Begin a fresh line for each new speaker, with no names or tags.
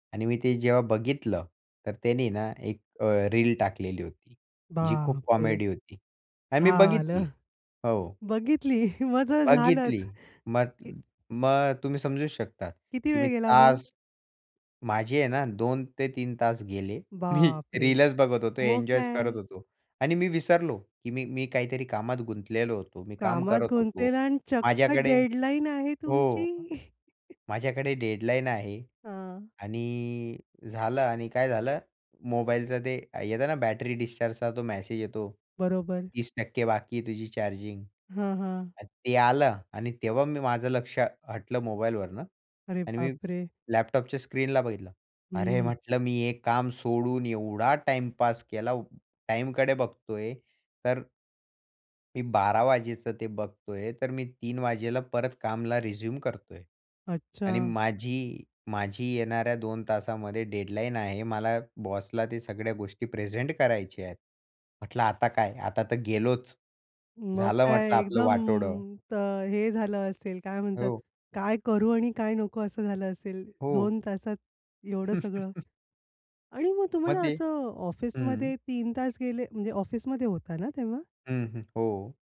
आणि मी ते जेव्हा बघितलं, तर त्यानी ना एक अ, रील टाकलेली होती, जी खूप
बापरे,
कॉमेडी होती आणि मी बघितली.
झालं,
हो.
बघितली मग तर
बघितली
झालंच.
मग मग तुम्ही समजूच शकतात
किती
की
वेळ
मी
गेला मग?
तास माझे आहे ना, 2 ते 3 तास गेले. मी
बापरे!
रीलच बघत होतो,
मग
एन्जॉयच करत
काय?
होतो आणि मी विसरलो की मी मी काहीतरी कामात गुंतलेलो होतो. मी काम
कामात
करत होतो.
गुंतलेला आणि चक्क
माझ्याकडे
डेडलाईन आहे
हो.
तुमची.
माझ्याकडे डेडलाईन आहे
हां.
आणि झालं आणि काय झालं मोबाईलचा ते अ, येत ना बॅटरी डिस्चार्जचा तो मॅसेज येतो
बरोबर.
30% बाकी आहे तुझी चार्जिंग
हं, हं.
ते आलं आणि तेव्हा मी माझं लक्ष हटलं मोबाईलवरनं
अरे
आणि मी
बापरे!
लॅपटॉपच्या स्क्रीनला बघितलं. अरे,
हं.
म्हटलं मी हे काम सोडून एवढा टाईमपास केला टाईमकडे बघतोय तर मी 12:00 वाजेचं ते बघतोय. तर मी 3:00 वाजेला परत कामला रिझ्यूम करतोय आणि
अच्छा.
माझी माझी येणाऱ्या 2 तासामध्ये डेडलाईन आहे. मला बॉसला ते सगळ्या गोष्टी प्रेझेंट करायच्या आहेत. म्हटलं आता काय आता तर गेलोच.
मग
झालं
काय
म्हटलं आपलं
एकदम
वाटोळं.
तर हे झालं असेल, काय म्हणतात,
हो.
काय करू आणि काय नको असं झालं असेल,
हो.
2 तासात एवढं सगळं? आणि मग
मग
तुम्हाला
ते
असं
हं.
ऑफिसमध्ये 3 तास गेले, म्हणजे ऑफिसमध्ये होता ना तेव्हा?
हं, हं. हो.